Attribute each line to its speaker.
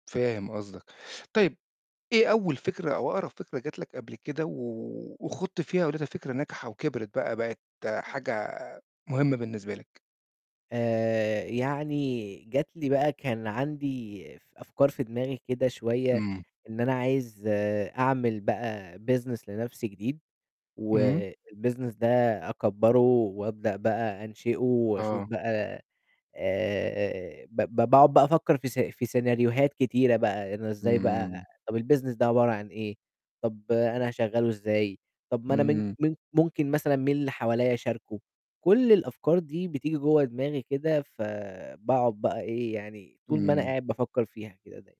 Speaker 1: فاهم قصدك. طيب إيه أول فكرة أو أقرب فكرة جات لك قبل كده و وخُضت فيها ولقيتها فكرة ناجحة وكبرِت بقى بقت حاجة مهمة بالنسبة لك؟
Speaker 2: آآ يعني جات لي بقى كان عندي ف أفكار في دماغي كده شوية
Speaker 1: إمم.
Speaker 2: إن أنا عايز أعمل بقى business لنفْسي جديد،
Speaker 1: إمم.
Speaker 2: والbusiness ده أكبَّره وابدأ بقى أنشئه، واشوف
Speaker 1: آه.
Speaker 2: بقى آآ ب ب باقعد بقى أفكر في س في سيناريوهات كتيرة بقى، إن إزاي بقى
Speaker 1: إمم.
Speaker 2: طَب الbusiness ده عبارة عن إيه، طَب أنا هاشغّله إزاي، طَب ما أنا من
Speaker 1: إمم.
Speaker 2: من ممكن مثلًا مين اللي حواليَّ أشاركه؟ كل الأفكار دي بتيجي جوّا دماغي كده، فباقعد بقى إيه، يعني طول ما أنا
Speaker 1: إمم.
Speaker 2: قاعد بافكر فيها كده داي